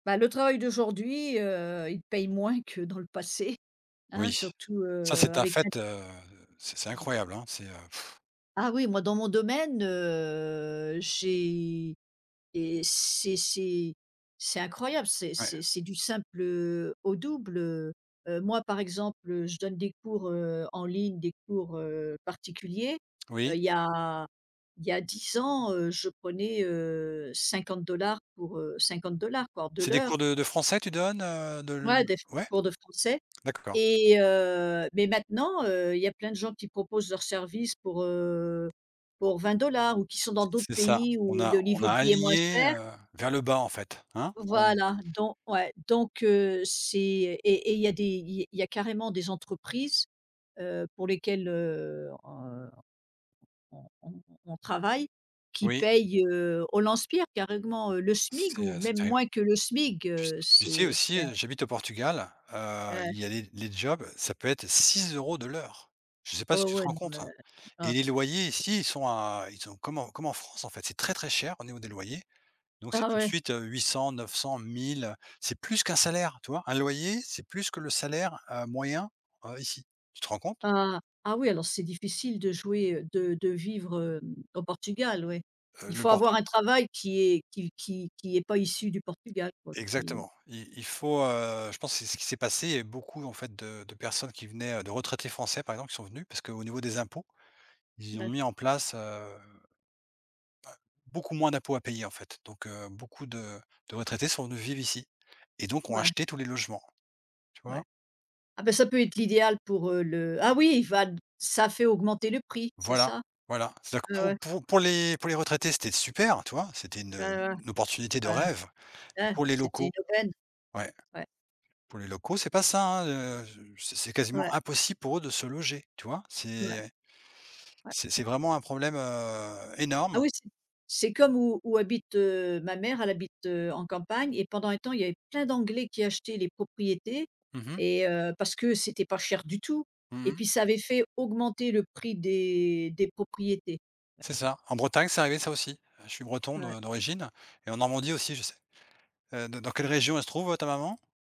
Bah, le travail d'aujourd'hui, heu, il paye moins que dans le passé, hein, Oui. surtout, Ça, heu, c'est un avec l'in fait, heu, c'est c'est Ouais. incroyable, c'est pff. Ah oui, moi dans mon domaine, heu, j'ai et c'est c'est c'est incroyable, c'est Ouais. c'est c'est du simple, heu, au double, heu. Heu, moi par exemple, heu, je donne des cours, heu, en ligne, des cours, heu, particuliers. Heu, Oui. Il y a il y a 10 ans, heu, je prenais, heu, 50 $ pour, heu, 50 $ quoi, de C'est des l'heure. cours de de français tu donnes, heu, de l? Ouais des f des Ouais? cours de français D'accord. et heu, mais maintenant, heu, il y a plein de gens qui proposent leurs services pour, heu, pour 20 $ ou qui sont dans C d'autres c'est ça, pays on où a le on niveau a de vie est moins aligné, cher heu, vers le bas en fait, hein? On Voilà! Don ouais donc heu, c'est et et il y a des il y a il y a carrément des entreprises, heu, pour lesquelles, heu, on on on on travaille qui Oui. payent, heu, au lance-pierre. Carrément, heu, le SMIC C'est, ou heu, c'est même terrible. moins que le SMIC. Tu s Heu, tu sais c'est aussi, c'est heu, j'habite au Portugal. Heu, Ouais. il y a les les jobs, ça peut être 6 € de l'heure! Je sais pas Ouais si tu te ouais, rends non mais compte! Et un les t loyers ici, ils sont à ils sont comme en comme en France en fait, c'est très très cher, au niveau des loyers. Donc c'est Ah tout de ouais! suite, heu, 800-900-1000. C'est plus qu'un salaire! Tu vois? Un loyer, c'est plus que le salaire, heu, moyen, heu, ici. Tu te rends compte? Ah! Ah oui, alors c'est difficile de jouer, heu, de de vivre, heu, au Portugal, ouais. Heu, Il le faut avoir Portu un travail qui est qui qui qui est pas issu du Portugal quoi. Qui est Exactement. Il il faut, heu, je pense que c'est ce qu'il s'est passé, heu, beaucoup en fait de de personnes qui venaient, heu, de retraités français par exemple qui sont venus. Parce qu'au niveau des impôts ils ont Bah. mis en place, heu, heu, beaucoup moins d'impôts à payer en fait. Donc heu, beaucoup de de retraités sont venus vivre ici et donc ont Ouais. acheté tous les logements. Tu Ouais. vois? Ah bah, ça peut être l'idéal pour, heu, le ah oui il va d ça fait augmenter le prix, c'est Voilà! ça? Voilà! C'est-à-dire que Et pour ouais. pour pour les pour les retraités, c'était super, tu vois? C'était une, heu, Ah. une opportunité de Ah! rêve! Et Ah. pour les C'était une locaux? aubaine? Ouais. Ouais. Pour les locaux, c'est pas ça, hein, heu, je c'est c'est Ouais. quasiment impossible pour eux de se loger, tu vois? C'est, Ouais. heu, Ouais. c'est c'est vraiment un problème, heu, Ah énorme. oui! C'est c'est comme où où habite, heu, ma mère, elle habite, heu, en campagne et pendant un temps, il y avait plein d'anglais qui achetaient les propriétés Mmh mh. et heu, parce que c'était pas cher du tout Mmh et mh. puis ça avait fait augmenter le prix des des propriétés. Ouais. C'est ça. En Bretagne, c'est arrivé ça aussi. Je suis breton Ouais. de d'origine et en Normandie aussi, je sais. Heu, dans dans quelle région elle se trouve, heu, ta maman?